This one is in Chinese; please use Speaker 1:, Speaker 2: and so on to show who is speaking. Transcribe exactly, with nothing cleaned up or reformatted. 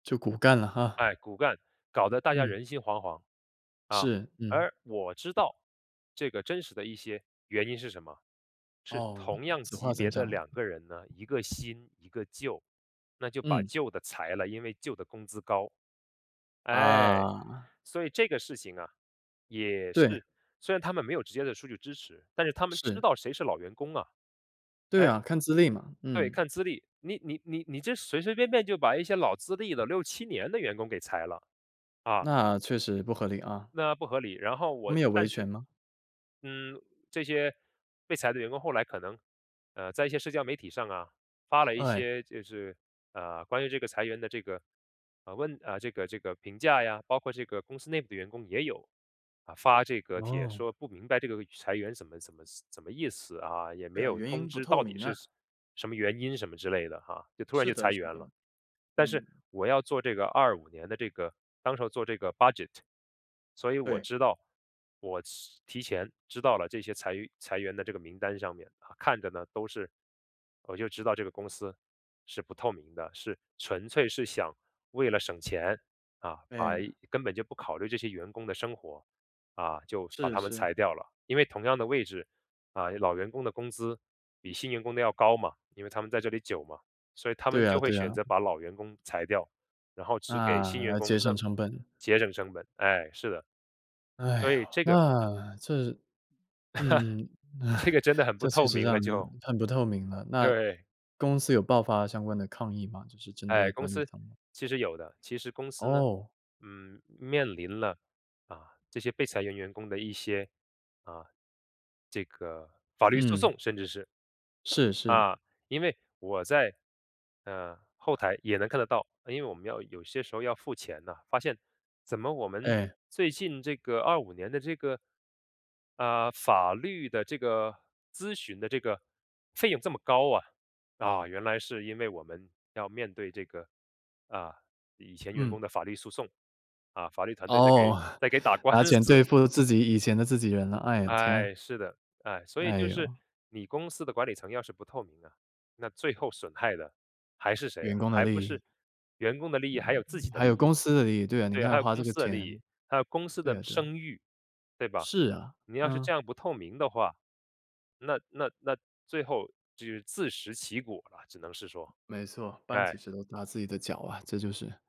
Speaker 1: 就骨干了哈。
Speaker 2: 哎，骨干，搞得大家
Speaker 1: 嗯。
Speaker 2: 人心惶惶。啊，
Speaker 1: 是，嗯。
Speaker 2: 而我知道，这个真实的一些原因是什么？是
Speaker 1: 哦，
Speaker 2: 同样
Speaker 1: 只化
Speaker 2: 级别
Speaker 1: 成这
Speaker 2: 的
Speaker 1: 样。
Speaker 2: 两个人呢，一个新一个旧，那就把
Speaker 1: 嗯。
Speaker 2: 旧的裁了，因为旧的工资高。哎，
Speaker 1: 啊。
Speaker 2: 所以这个事情啊，也
Speaker 1: 对。
Speaker 2: 是虽然他们没有直接的数据支持，但是他们知
Speaker 1: 是。
Speaker 2: 道谁是老员工啊。
Speaker 1: 对
Speaker 2: 哎。
Speaker 1: 啊，看资历嘛，
Speaker 2: 对，
Speaker 1: 嗯。
Speaker 2: 看资历，你你你你这随随便便就把一些老资历的六七年的员工给裁了，啊。
Speaker 1: 那确实不合理啊。
Speaker 2: 那不合理，然后
Speaker 1: 他
Speaker 2: 我，
Speaker 1: 们有
Speaker 2: 但
Speaker 1: 维权
Speaker 2: 是
Speaker 1: 吗？
Speaker 2: 嗯，这些被裁的员工，后来可能，呃，在一些社交媒体上啊，发了一
Speaker 1: 哎。
Speaker 2: 些就是，呃，关于这个裁员的这个，啊问啊，这个这个评价呀，包括这个公司内部的员工也有发这个帖
Speaker 1: 哦。
Speaker 2: 说不明白这个裁员怎么怎么怎么意思啊，也
Speaker 1: 对
Speaker 2: 没
Speaker 1: 啊，
Speaker 2: 有
Speaker 1: 原
Speaker 2: 通
Speaker 1: 因不
Speaker 2: 知
Speaker 1: 透
Speaker 2: 到底
Speaker 1: 明啊。
Speaker 2: 是什么原因，什么之类的啊，就突然
Speaker 1: 是
Speaker 2: 就
Speaker 1: 的
Speaker 2: 裁
Speaker 1: 是
Speaker 2: 员
Speaker 1: 的，
Speaker 2: 了。但是
Speaker 1: 嗯。
Speaker 2: 我要做这个二五年的这个当时候做这个 Budget。所以我
Speaker 1: 对。
Speaker 2: 知道我提前知道了这些裁员裁员的这个名单上面，呃，看着呢都是我就知道这个公司是不透明的，是纯粹是想为了省钱，啊，把
Speaker 1: 对。
Speaker 2: 根本就不考虑这些员工的生活，啊，就把
Speaker 1: 是
Speaker 2: 他们
Speaker 1: 是。
Speaker 2: 裁掉了。因为同样的位置，啊，老员工的工资比新员工的要高嘛，因为他们在这里久嘛，所以他们
Speaker 1: 对啊
Speaker 2: 就会
Speaker 1: 对啊。
Speaker 2: 选择把老员工裁掉，然后只给新员
Speaker 1: 那
Speaker 2: 工，
Speaker 1: 节省
Speaker 2: 那
Speaker 1: 成本。
Speaker 2: 节省成本，哎，是的。
Speaker 1: 哎
Speaker 2: 所
Speaker 1: 呦，
Speaker 2: 以这个
Speaker 1: 那这嗯，
Speaker 2: 这个 真的很不
Speaker 1: 这确
Speaker 2: 透
Speaker 1: 实
Speaker 2: 明了
Speaker 1: 让
Speaker 2: 就。
Speaker 1: 人很不透明了，那
Speaker 2: 对。
Speaker 1: 公司有爆发相关的抗议吗？就是针
Speaker 2: 哎，
Speaker 1: 对
Speaker 2: 公
Speaker 1: 管理
Speaker 2: 司
Speaker 1: 层的。
Speaker 2: 其实有的其实公司呢，
Speaker 1: 哦。
Speaker 2: 嗯，面临了，啊，这些被裁员员工的一些，啊，这个法律诉
Speaker 1: 嗯。
Speaker 2: 讼，甚至是。
Speaker 1: 是是。
Speaker 2: 啊，因为我在，呃，后台也能看得到，因为我们要有些时候要付钱呐，发现怎么我们
Speaker 1: 哎。
Speaker 2: 最近这个二五年的这个，啊，法律的这个咨询的这个费用这么高啊。啊，原来是因为我们要面对这个，啊，以前员工
Speaker 1: 嗯。
Speaker 2: 的法律诉讼。啊，法律团队在给
Speaker 1: 哦。
Speaker 2: 在给打 官
Speaker 1: 拿钱
Speaker 2: 司。
Speaker 1: 对付自己以前的自己人了。哎呀，天。
Speaker 2: 哎，是的。哎，所以
Speaker 1: 哎
Speaker 2: 就是
Speaker 1: 哟。
Speaker 2: 你公司的管理层要是不透明啊，那最后损害的还是谁
Speaker 1: 员
Speaker 2: 啊，
Speaker 1: 工的
Speaker 2: 还不
Speaker 1: 利益。
Speaker 2: 是员工的利
Speaker 1: 对，
Speaker 2: 益，还有自己的
Speaker 1: 还有
Speaker 2: 利益
Speaker 1: 公
Speaker 2: 嘛。
Speaker 1: 司的利益，对，你
Speaker 2: 对啊，还
Speaker 1: 看
Speaker 2: 有
Speaker 1: 花这
Speaker 2: 公
Speaker 1: 个
Speaker 2: 司的利
Speaker 1: 钱。
Speaker 2: 益，还有公司
Speaker 1: 对
Speaker 2: 的
Speaker 1: 啊对啊。
Speaker 2: 声誉，对吧？
Speaker 1: 是啊，
Speaker 2: 你要是
Speaker 1: 嗯。
Speaker 2: 这样不透明的，那那那最后就自食其果了，只能是说。
Speaker 1: 没错，搬起
Speaker 2: 唉。
Speaker 1: 石头砸自己的脚啊，这就是。